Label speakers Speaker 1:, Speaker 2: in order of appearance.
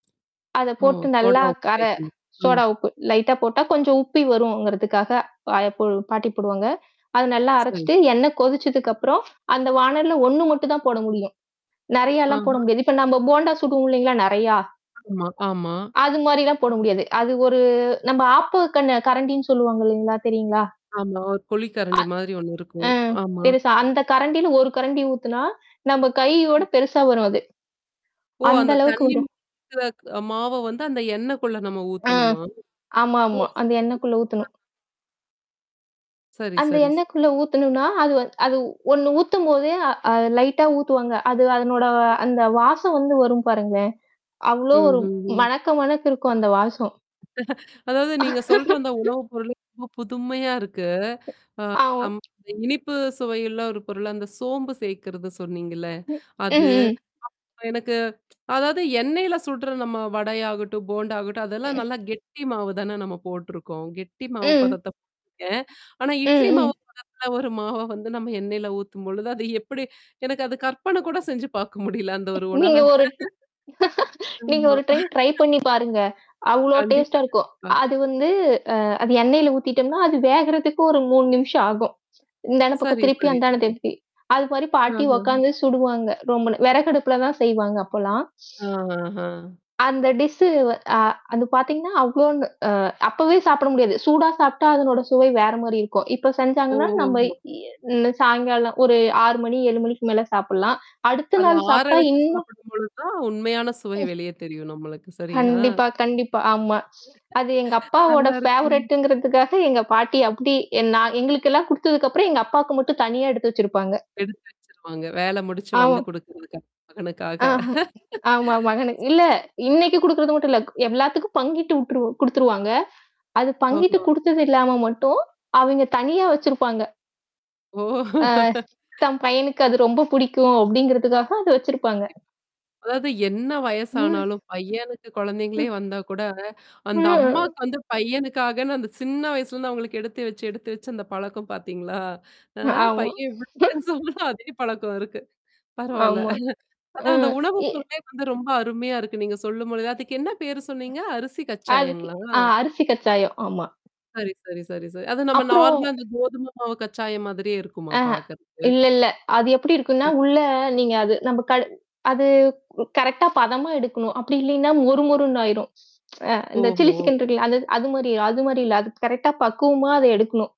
Speaker 1: அத
Speaker 2: ஓ!
Speaker 1: போட்டு நல்லா
Speaker 2: சோடா உப்பு
Speaker 1: கர
Speaker 2: தேய்க்கணும். ம்.
Speaker 1: சோடா உப்பு, லைட்டா போட்டா கொஞ்சம் உப்பி வருங்கிறதுக்காக, அ போ பாட்டி போடுவாங்க. அத நல்லா
Speaker 2: சரி.
Speaker 1: அரைச்சுட்டு எண்ணெய் கொதிச்சதுக்கப்புறம், அந்த வானலில 1 மட்டும் தான் போட முடியும். நெறையலாம் போட
Speaker 2: ஆஹா.
Speaker 1: முடியாது. இப்ப நம்ம போண்டா சுடுவோம் இல்லைங்களா, நெறையா?
Speaker 2: ஆமா, ஆமா.
Speaker 1: அது மாரிலாம் போட முடியாது. அது ஒரு நம்ம ஆப்ப கண் கரண்டின்னு சொல்லுவாங்க இல்லைங்களா? தெரியுங்களா?
Speaker 2: ஆமா. ஒரு குழி
Speaker 1: அ.
Speaker 2: கரண்டி மாதிரி ஒண்ணு
Speaker 1: அ
Speaker 2: இருக்கும். ஆமா.
Speaker 1: பெருசா அந்த கரண்டியில ஒரு கரண்டி ஊத்துனா, நம்ம
Speaker 2: ஆ.
Speaker 1: கையோட பெருசா வரும் அது.
Speaker 2: ஓ!
Speaker 1: அந்த
Speaker 2: அந்த
Speaker 1: அளவுக்கு
Speaker 2: தண்ணி
Speaker 1: வரும்.
Speaker 2: கலந்த மாவ வந்து அந்த எண்ணெயக்குள்ள நம்ம
Speaker 1: ஆ.
Speaker 2: ஊத்தணுமா? ஓ,
Speaker 1: ஆமாமா. அந்த
Speaker 2: சரி
Speaker 1: எண்ணெய்க்குள்ள
Speaker 2: சரி.
Speaker 1: ஊத்தணும்.
Speaker 2: சரி,
Speaker 1: அந்த
Speaker 2: சரி, ச
Speaker 1: எண்ணெயக்குள்ள ஊத்தணும்னா, அது வந்து அது ஒண்ணு ஊத்தும்போதே, அ லைட்டா ஊத்துவாங்க. அது அதனோட அந்த வாசம் வந்து வரும் பாருங்களேன்! அவ்ளோ ஒரு
Speaker 2: ம்ஹ்ஹ்ம்.
Speaker 1: மணக்க மணக்க இருக்கும், அந்த வாசம்!
Speaker 2: அதாவது நீங்க சொல்ற அந்த உணவுப்பொருள் ரொம்ப புதுமையா இருக்கு.
Speaker 1: ஆமா.
Speaker 2: அ அம் இனிப்பு சுவையுல்ல ஒரு பொருள், அந்த சோம்பு சேர்க்கறது சொன்னீங்கல்ல.
Speaker 1: ம்,
Speaker 2: அது,
Speaker 1: ம்.
Speaker 2: அப்புறம் எனக்கு அதாவது எண்ணெய்ல சுட்ற நம்ம வடையாகட்டும், போண்டா ஆகட்டும், அதெல்லாம் நல்லா கெட்டி மாவு தான நம்ம போட்டுருக்கோம். கெட்டி மாவு
Speaker 1: ம்.
Speaker 2: பதத்த போட்ருக்கேன். ஆனா,
Speaker 1: ம்,
Speaker 2: இட்லி
Speaker 1: ம்.
Speaker 2: மாவு பதத்தல ஒரு மாவ வந்து நம்ம எண்ணெய்ல ஊத்தும்பொழுது, அது எப்படி எனக்கு அது கற்பனை கூட செஞ்சு பார்க்க முடியல, அந்த ஒரு உணவ.
Speaker 1: நீங்க ஒரு ட நீங்க
Speaker 2: ஆமா.
Speaker 1: ஒரு டைம் ட்ரை பண்ணிப்பாருங்க. அவ்ளோ
Speaker 2: கண்டிப்பா,
Speaker 1: டேஸ்ட்டா இருக்கும்.
Speaker 2: கண்டிப்பா.
Speaker 1: அது வந்து அ அது எண்ணெய்ல ஊத்திட்டோம்னா, அது வேகறதுக்கு ஒரு 3 நிமிஷம் ஆகும். இந்தான பக்கம்
Speaker 2: சரி,
Speaker 1: திருப்பி,
Speaker 2: சரி,
Speaker 1: அந்தான
Speaker 2: சரி.
Speaker 1: திருப்பி. அது மாரி பாட்டி
Speaker 2: ஆஹம்.
Speaker 1: உக்காந்தே சுடுவாங்க ரூம்ல. வெறகடுப்புல தான் செய்வாங்க அப்பலாம்.
Speaker 2: அ ஆஹா.
Speaker 1: அந்த டிஸ்ஸு வ அ அது பாத்தீங்கன்னா, அவ்ளோன்னு அ அப்பவே சாப்பிட முடியாது. சூடா சாப்டா அதனோட சுவை வேற மாரி இருக்கும். இப்ப செஞ்சாங்கன்னா, நம்ம
Speaker 2: ஓஹோஹோ!
Speaker 1: இ அ சாயங்காலம் ஒரு 6:00 மணி, 7:00 மணிக்கு மேல சாப்பிடலாம். அடுத்த
Speaker 2: அது
Speaker 1: நாள்
Speaker 2: ஆற
Speaker 1: சாப்ட்டா
Speaker 2: வச்சு
Speaker 1: இன்னும்
Speaker 2: சாப்பிடும் பொழுது தான், உண்மையான சுவை வெளியே தெரியும் நம்மளுக்கு. சரியா?
Speaker 1: கண்டிப்பா, கண்டிப்பா. ஆமா. அது எங்க அப்பாவோட
Speaker 2: நல்லாருக்கு.
Speaker 1: ஃபேவரட்ங்கிறதுக்காக எங்க பாட்டி அப்டி நான் எங்களுக்கெல்லாம் குடுத்ததுக்கப்புறம், எங்க அப்பாக்கு மட்டும் தனியா எடுத்து வச்சிருப்பாங்க.
Speaker 2: எடுத்து வச்சிருப்பாங்க. வேல முடிச்சு வந்து
Speaker 1: ஆமா.
Speaker 2: குடுக்குறதுக்காக மகனுக்காக.
Speaker 1: ஆ. ஆமா, மகனு இல்ல இன்னைக்கு குடுக்கறது மட்டும் இல்ல. எல்லாத்துக்கும் பங்கிட்டு விட்டுருவாங் குடுத்துருவாங்க. அது பங்கிட்டு
Speaker 2: ஓஹோ.
Speaker 1: குடுத்தது இல்லாம மட்டும், அவங்க தனியா வச்சிருப்பாங்க.
Speaker 2: ஓ!
Speaker 1: ஆ. தம் பையனுக்கு அது ரொம்ப பிடிக்கும், அப்படிங்கிறதுக்காக அத வச்சிருப்பாங்க.
Speaker 2: கண்டிப்பா. அதாவது என்ன
Speaker 1: ம்.
Speaker 2: வயசானாலும், பையனுக்கு குழந்தைங்களே
Speaker 1: ம்.
Speaker 2: வந்தா கூட, அந்த
Speaker 1: ம்.
Speaker 2: அம்மாக்கு வந்து, பையனுக்காகன்னு அந்த சின்ன வயசுலருந்து அவங்களுக்கு எடுத்து வச்சு, எடுத்து வச்சு அந்த பழக்கம் பார்த்தீங்களா? அ
Speaker 1: ஆமா.
Speaker 2: பையன் இவ்ளோ பெருசானாலும் அதே பழக்கம் இருக்கு. பரவால்ல.
Speaker 1: ஆமா. ஆ
Speaker 2: அதான் அந்த உணவு
Speaker 1: இ.
Speaker 2: பொருளே வந்து ரொம்ப அருமையா இருக்கு நீங்க சொல்லும்பொழுது. அதுக்கு என்ன பேரு சொன்னீங்க? அரிசி
Speaker 1: அதுக்கு
Speaker 2: கச்சாயங்களா?
Speaker 1: ஆ அரிசி கச்சாயம். ஆமா.
Speaker 2: சரி, சரி, சரி, சரி. அது நம்ம
Speaker 1: அப்புறம்.
Speaker 2: நார்மலா அந்த கோதுமை மாவு கச்சாயம் மாதிரியே இருக்குமா
Speaker 1: ஆஹ.
Speaker 2: பாக்கறதுக்கு?
Speaker 1: இல்லல்ல. அது எப்படி இருக்குன்னா!
Speaker 2: ச.
Speaker 1: உள்ள நீங்க அது நம்ம கடு அது கரெக்ட்டா பதமா எடுக்கணும். அப்படி இல்லைன்னா மொறு மொறுண்ணு ஆயிரும். அ இந்த சில்லி
Speaker 2: ஓஹோ!
Speaker 1: சிக்கன் இருக்கல! அது அது மாரி அது மாரி இல்ல. அது கரெக்ட்டா பக்குவமா அத எடுக்கணும்.